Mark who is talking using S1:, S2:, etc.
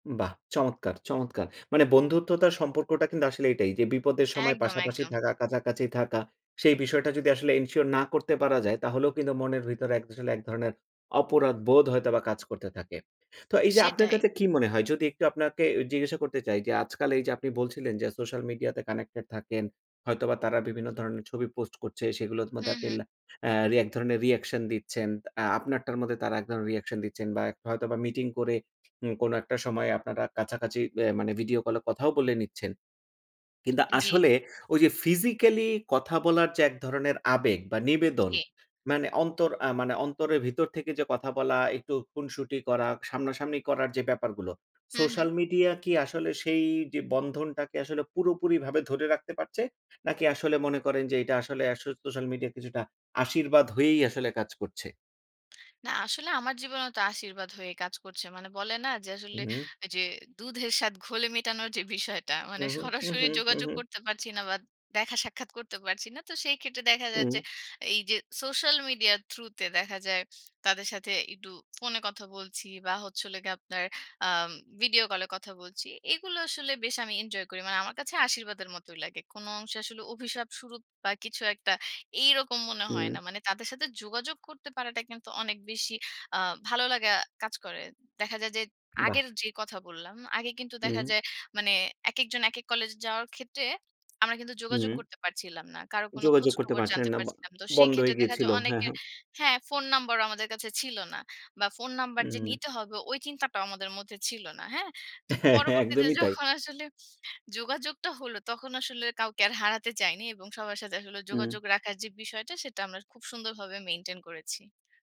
S1: বাহ! চমৎকার, চমৎকার! মানে বন্ধুত্বতার সম্পর্কটা কিন্তু আসলে এটাই যে, বিপদের সময়
S2: একদম,
S1: পাশাপাশি
S2: একদম।
S1: থাকা, কাছাকাছি থাকা। সেই বিষয়টা যদি আসলে এনশিওর না করতে পারা যায়, তাহলেও কিন্তু মনের ভিতরে এক আসলে এক ধরনের অপরাধ বোধ হয়তো বা কাজ করতে থাকে। তো এই যে আপনার
S2: সেটাই।
S1: কাছে কি মনে হয় যদি একটু আপনাকে জিজ্ঞাসা করতে চাই যে, আজকাল এই যে আপনি বলছিলেন যে সোশ্যাল মিডিয়া তে কানেক্টেড থাকেন, হয়তোবা তারা বিভিন্ন ধরনের ছবি পোস্ট করছে, সেগুলোর
S2: হু,
S1: মধ্যে আপনি
S2: হু।
S1: অ্যা এক ধরনের রিঅ্যাকশন দিচ্ছেন। অ্যা আপনারটার মধ্যে তারা এক ধরণের রিঅ্যাকশন দিচ্ছেন বা এক হয়তোবা মিটিং করে ঊম কোনো একটা সময় আপনারা কাছাকাছি ভ্যা মানে ভিডিও কল এ কথাও বলে নিচ্ছেন। কিন্তু
S2: জি।
S1: আসলে, ওই যে ফিজিক্যাল কথা বলার যে এক ধরনের আবেগ বা নিবেদন,
S2: জি।
S1: মানে অন্তর আ মানে অন্তরের ভিতর থেকে যে কথা বলা, একটু খুনসুটি করা সামনাসামনি করার যে ব্যাপারগুলো,
S2: হু, হু।
S1: সোশ্যাল মিডিয়া কি আসলে সেই যে বন্ধনটাকে আসলে পুরোপুরি ভাবে ধরে রাখতে পারছে নাকি আসলে মনে করেন যে এটা আসলে আস সোশ্যাল মিডিয়া কিছুটা আশীর্বাদ হয়েই আসলে কাজ করছে।
S2: না আসলে, আমার জীবনেও তো আশীর্বাদ হয়ে কাজ করছে। মানে বলে না যে,
S1: হু,
S2: আসলে
S1: হম।
S2: যে, "দুধের স্বাদ ঘোলে মেটানোর" যে বিষয়টা,
S1: হু,
S2: মানে
S1: হু, হু,
S2: সরাসরি
S1: হু, হু,
S2: যোগাযোগ
S1: হু।
S2: করতে পারছি না বাট, দেখা-সাক্ষাৎ করতে পারছি না। তো সেই ক্ষেত্রে দেখা যায় যে,
S1: হম।
S2: এই যে সোশ্যাল মিডিয়ার থ্রু তে, দেখা যায় তাদের সাথে একটু ফোনে কথা বলছি বা হচ্ছে হোলো গীয়ে আপনার আএম ভিডিও কলে কথা বলছি। এগুলো আসলে বেশ আমি এনজয় করি। মানে আমার কাছে আশীর্বাদের মতোই লাগে। কোন অংশে আসলে অভিশাপস্বরূপ বা কিছু একটা, এইরকম মনে হয় না।
S1: হু।
S2: মানে তাদের সাথে যোগাযোগ করতে পারাটা কিন্তু অনেক বেশি আ ভালো লাগা কাজ করে। দেখা যায় যে,
S1: বাহ!
S2: আগের যে কথা বললাম, আগে কিন্তু দেখা
S1: হম।
S2: যায় মানে একেকজন একেক কলেজ যাওয়ার ক্ষেত্রে, আমরা কিন্তু যোগাযোগ
S1: হুম।
S2: করতে পারছিলাম না। কারো কোন
S1: যোগাযোগ করতে
S2: খোঁজখবর
S1: পারছিলেন
S2: জানতে
S1: না বা
S2: পারছিলাম। তো সেই
S1: বন্ধ হয়ে
S2: ক্ষেত্রে দেখা
S1: গিয়েছিল।
S2: যায়,
S1: হ্যাঁ,
S2: অনেকে
S1: হ্যাঁ।
S2: হ্যাঁ, ফোন নাম্বারও আমাদের কাছে ছিল না। বা ফোন নাম্বার যে
S1: উম।
S2: নিতে হবে, ওই চিন্তাটাও আমাদের মধ্যে ছিল না। হ্যাঁ তো পরবর্তীতে
S1: একদমই, তাই।
S2: যখন আসলে যোগাযোগটা হলো, তখন আসলে কাউকে আর হারাতে চাইনি। এবং সবার সাথে আসলে
S1: হম।
S2: যোগাযোগ রাখার যে বিষয়টা, সেটা আমরা খুব সুন্দরভাবে মেইনটেইন করেছি।